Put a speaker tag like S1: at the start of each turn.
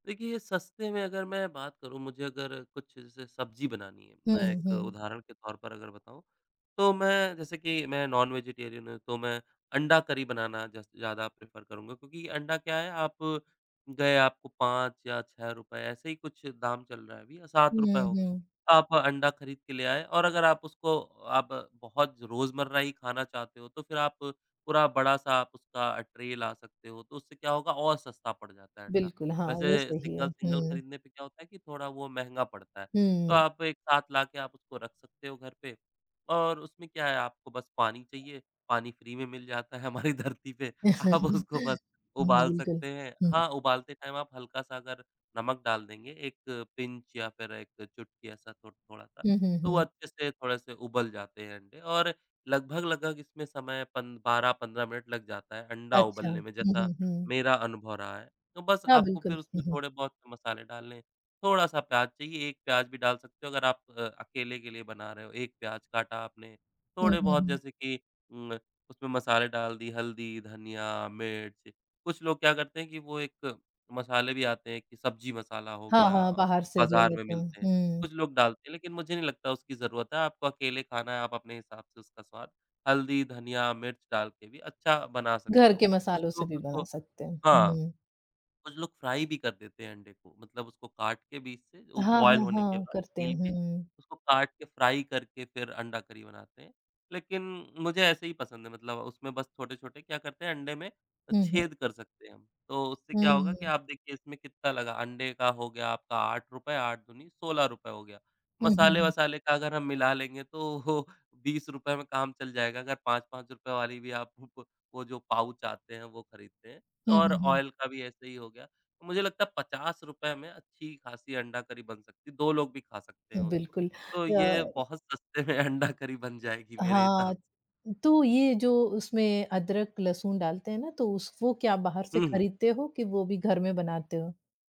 S1: देखिए सस्ते में अगर मैं बात करूँ, मुझे अगर कुछ स सब्ज़ी बनानी है
S2: हुँ,
S1: मैं एक
S2: हुँ।
S1: उदाहरण के तौर पर अगर बताऊँ तो मैं जैसे कि मैं नॉन-वेजिटेरियन हूँ तो मैं अंडा करी बनाना जस ज़्यादा प्रेफ़र करूँगा। क्योंकि अंडा क्या है आप गए आपको 5 या 6 रुपये, ऐसे ही कुछ दाम चल रहा है अभी, ₹7
S2: हुँ,
S1: होगा।
S2: हुँ।
S1: आप अंडा ख़रीद के ले आए। और अगर आप उसको आप बहुत रोज़मर्रा ही खाना चाहते हो तो फिर आप पूरा बड़ा-सा आप उसका ट्रे ला सकते हो। तो उससे क्या होगा और सस्ता पड़ जाता है अंडा।
S2: बिल्कुल। हाँ, ये
S1: वैसे
S2: सही है।
S1: सिंगल-सिंगल
S2: हुँ।
S1: ख़रीदने पे क्या होता है कि थोड़ा वो महँगा पड़ता है। तो
S2: हुँ।
S1: आप एक साथ लाके आप उसको रख सकते हो घर पे। और उसमें क्या है आपको बस पानी चाहिए। पानी फ्री में मिल जाता है हमारी धरती पे। आप उसको बस उबाल
S2: बिल्कुल,
S1: सकते हैं।
S2: हुँ।
S1: हाँ, उबालते टाइम आप हल्का-सा अगर नमक डाल देंगे एक पिंच या फिर 1 चुटकी ऐसा थो थोड़ा-सा
S2: हुँ, हुँ,
S1: तो वो
S2: हुँ।
S1: अच्छे से थोड़े से उबल जाते हैं अंडे। और लगभग-लगभग इसमें समय पन 12-15 मिनट लग जाता है अंडा
S2: अच्छा।
S1: उबलने
S2: हुँ,
S1: में जैसा
S2: हुँ, हुँ।
S1: मेरा अनुभव रहा है। तो बस
S2: हाँ,
S1: आपको
S2: बिल्कुल।
S1: फिर
S2: हुँ,
S1: उसमें
S2: हुँ।
S1: थोड़े बहुत मसाले डालने हैं, थोड़ा-सा प्याज़ चाहिए। 1 प्याज़ भी डाल सकते हो अगर आप अ, अकेले के लिए बना रहे हो। 1 प्याज़ काटा आपने
S2: हुँ,
S1: थोड़े
S2: हुँ,
S1: बहुत
S2: हुँ।
S1: जैसे कि उम, उसमें मसाले डाल दि, हल्दी, धनिया, मिर्च। कुछ लोग क्या करते हैं कि वो एक मसाले भी आते हैं कि सब्ज़ी मसाला हो
S2: हाँ,
S1: गया,
S2: हाँ। बाहर से जो
S1: बाज़ार में
S2: लेते हैं।
S1: मिलते हैं।
S2: हुँ।
S1: कुछ लोग डालते हैं लेकिन मुझे नहीं लगता उसकी ज़रूरत है। आपको अकेले खाना है, आप अपने हिसाब से उसका स्वाद हल्दी, धनिया, मिर्च डाल के भी अच्छा बना सकते
S2: घर
S1: हो।
S2: के
S1: कुछ
S2: मसालों से
S1: लोग
S2: भी
S1: उसको
S2: बना सकते हैं।
S1: हाँ,
S2: हुँ।
S1: कुछ लोग फ्राई भी कर देते हैं अंडे को मतलब उसको काट के बीच से उ,
S2: हाँ,
S1: बॉयल
S2: हाँ,
S1: होने के
S2: हाँ।
S1: बाद
S2: करते हैं।
S1: छील के,
S2: हुँ।
S1: उसको काट के फ्राई करके फिर अंडा करी बनाते हैं। लेकिन मुझे ऐसे ही पसंद है। मतलब उसमें बस छोटे-छोटे क्या करते हैं अंडे में
S2: हुँ, हुँ।
S1: छेद कर सकते हैं हम। तो उससे क्या होगा कि
S2: हुँ।
S1: आप देखिए इसमें कितना लगा। अंडे का हो गया आपका ₹8 8 दूनी ₹16 हो गया।
S2: हुँ, हुँ, हुँ।
S1: मसाले-वसाले का अगर हम मिला लेंगे तो ₹20 में काम चल जाएगा। अगर ₹5-5 वाली भी आप भु प वो जो पाउच आते हैं वो ख़रीदते हैं
S2: हुँ,
S1: और
S2: हुँ, हुँ।
S1: ऑयल का भी ऐसे ही हो गया। तो मुझे लगता है 50 में अच्छी-ख़ासी अंडा करी बन सकती है। 2 लोग भी खा सकते हैं उसको।
S2: बिल्कुल।
S1: तो ये
S2: अ
S1: बहुत सस्ते में अंडा करी बन जाएगी मेरे
S2: हाँ,
S1: हिसाब स
S2: तो ये जो उसमें अदरक लहसुन डालते हैं ना तो उस वो क्या बाहर से
S1: हुँ, हुँ।
S2: खरीदते हो, कि वो भी घर में बनाते हो?